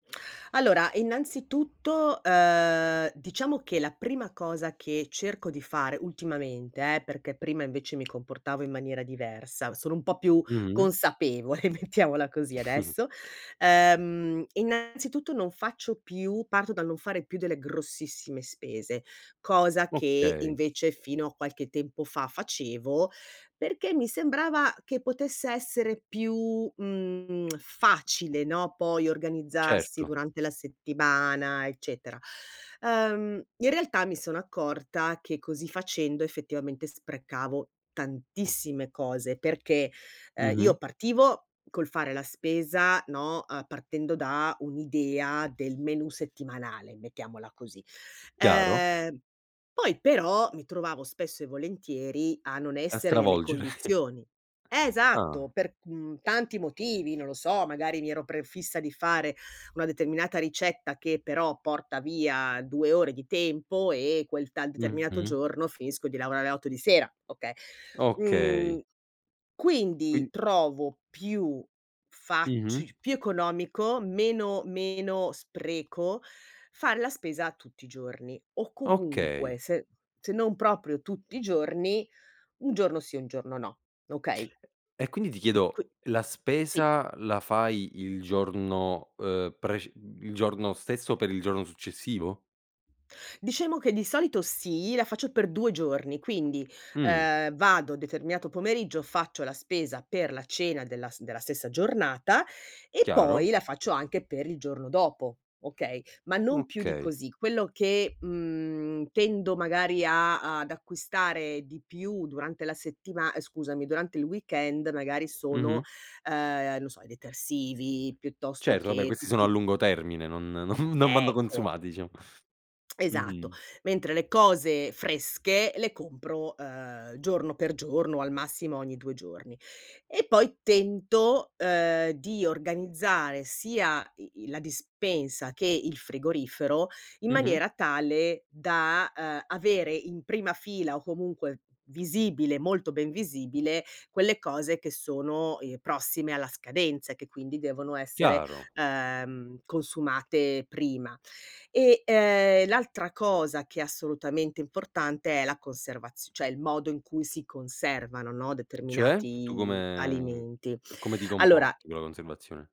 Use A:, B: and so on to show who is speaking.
A: Allora, innanzitutto, ehm, diciamo che la prima cosa che cerco di fare ultimamente eh, perché prima invece mi comportavo in maniera diversa, sono un po' più
B: Mh.
A: consapevole mettiamola così adesso, ehm, innanzitutto non faccio più parto dal non fare più delle grossissime spese, cosa che
B: Okay.
A: invece fino a qualche tempo fa facevo perché mi sembrava che potesse essere più, mhmm, facile, no, poi organizzarsi
B: Certo.
A: durante la settimana eccetera. Ehm, in realtà mi sono accorta che così facendo effettivamente sprecavo tantissime cose, perché, ehm,
B: Mh-mh.
A: io partivo col fare la spesa, no, ehm, partendo da un'idea del menù settimanale, mettiamola così.
B: Chiaro.
A: Ehm, poi però mi trovavo spesso e volentieri a non
B: A
A: essere nelle
B: stravolgere.
A: condizioni. Esatto,
B: Ah.
A: per, uhm, tanti motivi, non lo so, magari mi ero prefissa di fare una determinata ricetta che però porta via 2 ore di tempo e quel tal determinato
B: Mh-mh.
A: giorno finisco di lavorare alle 8 di sera, okay.
B: Okay.
A: Mhmm. Quindi
B: Quin
A: trovo più
B: Mh-mh.
A: faci più economico, meno meno spreco, fare la spesa tutti i giorni, o comunque
B: Okay.
A: se se non proprio tutti i giorni, un giorno sì e un giorno no, okay?
B: E quindi ti chiedo,
A: Qui
B: la
A: sì.
B: spesa la fai il giorno, ehm, prec il giorno stesso per il giorno successivo?
A: Diciamo che di solito sì, la faccio per 2 giorni, quindi,
B: Mh.
A: ehm, vado determinato pomeriggio, faccio la spesa per la cena della s della stessa giornata, e
B: Chiaro.
A: poi la faccio anche per il giorno dopo, okay? Ma non più di
B: Okay.
A: così. Quello che, mhmm, tendo magari a ad acquistare di più durante la settima ehm, scusami, durante il weekend magari sono,
B: Mh-mh.
A: ehm, non lo so i detersivi, piuttosto
B: Certo, vabbè
A: che
B: questi sono
A: tutti
B: a
A: q
B: lungo termine, non non non vanno
A: Ecco
B: consumati diciamo.
A: Esatto.
B: Mh-mh.
A: Mentre le cose fresche le compro, ehm, giorno per giorno, o al massimo ogni 2 giorni. E poi tento, ehm, di organizzare sia i i la dispensa che il frigorifero in
B: Mh-mh.
A: maniera tale da, ehm, avere in prima fila o comunque visibile, molto ben visibile, quelle cose che sono, ehm, prossime alla scadenza e che quindi devono essere,
B: Chiaro.
A: ehm, consumate prima. E, ehm, l'altra cosa che è assolutamente importante è la conservazi cioè, il modo in cui si conservano, no,
B: Cioè? Tu
A: determinati
B: come
A: alimenti.
B: come ti
A: Allora
B: comporti con la conservazione?